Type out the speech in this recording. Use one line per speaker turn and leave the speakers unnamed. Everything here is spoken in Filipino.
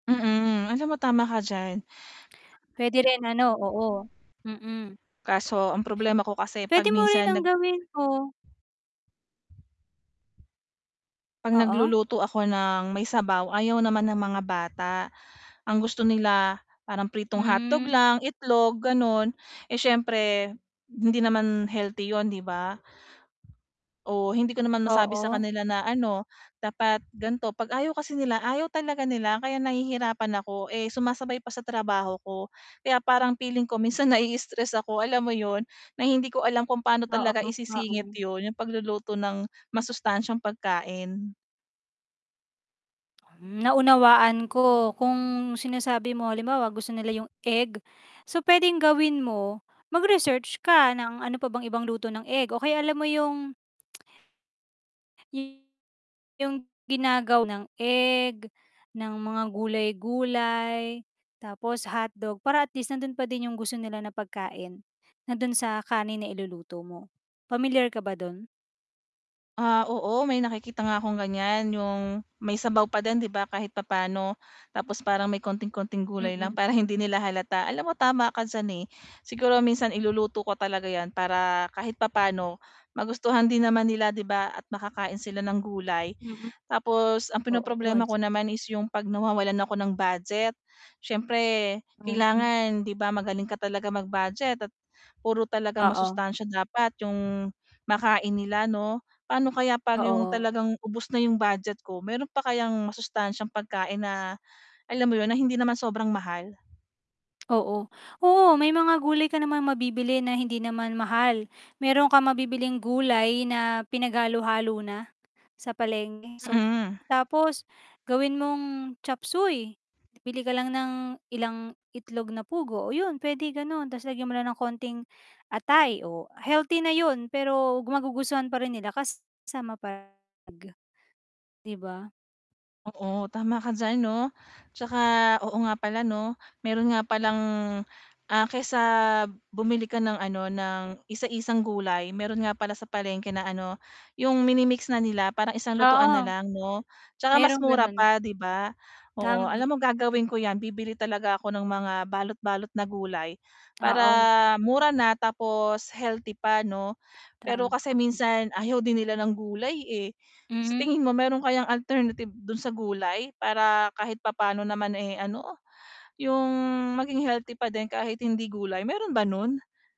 Mm, alam mo tama ka diyan.
Puwede rin, ano, oo. Mm.
Kaso ang problema ko kasi 'pag
Puwede mo rin
minsan
ang
nag
gawin mo
'Pag
Oo.
nagluluto ako ng may sabaw, ayaw naman ng mga bata. Ang gusto nila, parang pritong hotdog
Hmm.
lang, itlog, gano'n. Eh, siyempre, hindi naman healthy 'yon, 'di ba? Oo, hindi ko naman masabi sa
Oo.
kanila na, ano, dapat ganito. 'Pag ayaw kasi nila, ayaw talaga nila kaya nahihirapan ako, eh, sumasabay pa sa trabaho ko. Kaya parang feeling ko minsan nai-stress ako alam mo 'yon, na hindi ko alam kung paano
Oo,
talaga isisingit
oo.
'yon, 'yong pagluluto ng masustansyang pagkain.
Hmm, naunawaan ko. Kung sinasabi mo halimbawa, gusto nila 'yong egg. So puwedeng gawin mo mag-research ka ng ano pa bang ibang luto ng egg, o kaya alam mo 'yong Y 'yong ginagawa ng egg, ng mga gulay-gulay, tapos hotdog para at least nando'n pa din 'yong gusto nila na pagkain. Nando'n sa kanin na iluluto mo, pamilyar ka ba do'n?
Ah, oo may nakikita nga akong ganiyan 'yong may sabaw pa din, 'di ba, kahit papaano. Tapos parang may konting-konting gulay lang
Mm.
para hindi nila halata. Alam mo tama ka diyan, eh. Siguro minsan iluluto ko talaga 'yan para kahit papano magustuhan din naman nila, 'di ba, at makakain sila ng gulay.
Mm.
Tapos ang
Oo,
pinoproblema
wise.
ko naman is 'yong 'pag nawawalan ako ng budget. Siyempre
Mhm.
kailangan, 'di ba, magaling ka talaga mag-budget at puro talagang
Oo.
masustansya dapat 'yong makain nila 'no. Paano kaya 'pag
Oo,
'yong
o
talagang ubos na 'yong budget ko? Mayro'n pa kayang masustansyang pagkain na, alam mo 'yon, na hindi naman sobrang mahal?
Oo. Oo, may mga gulay ka namang mabibili na hindi naman mahal. Mayro'n kang mabibiling gulay na pinaghalo-halo na, sa palengke. So,
Mm.
tapos gawin mong chopsuey. Bili ka lang ng ilang itlog na pugo. Oh, 'yon puwede gano'n 'tas lagyan mo ng kaunting atay, oh, healthy na 'yon pero magugustuhan pa rin nila kasama pa r ...aga, 'di ba?
Oo, tama ka diyan, 'no. 'Tsaka oo nga pala, 'no, mayro'n nga palang ah, kaysa bumili ka ng, ano, ng isa-isang gulay, mayro'n nga pala sa palengke na, ano, 'yong mini-mix na nila para isang lutuan na
Oo.
lang, 'no. 'Tsaka mas
Mayro'ng
mura
gano'n.
pa, 'di ba? Oo, alam
Tama.
mo gagawin ko 'yan, bibili talaga ako ng mga balot-balot na gulay para
Oo.
mura na, tapos healthy pa, 'no. Pero
Tama
kasi
ka.
minsan ayaw din nila ng gulay, eh. Sa
Mhm.
tingin mo mayro'n kayang alternative do'n sa gulay para kahit papano naman, eh, ano, 'yong maging healthy pa din kahit hindi gulay, mayro'n ba no'n?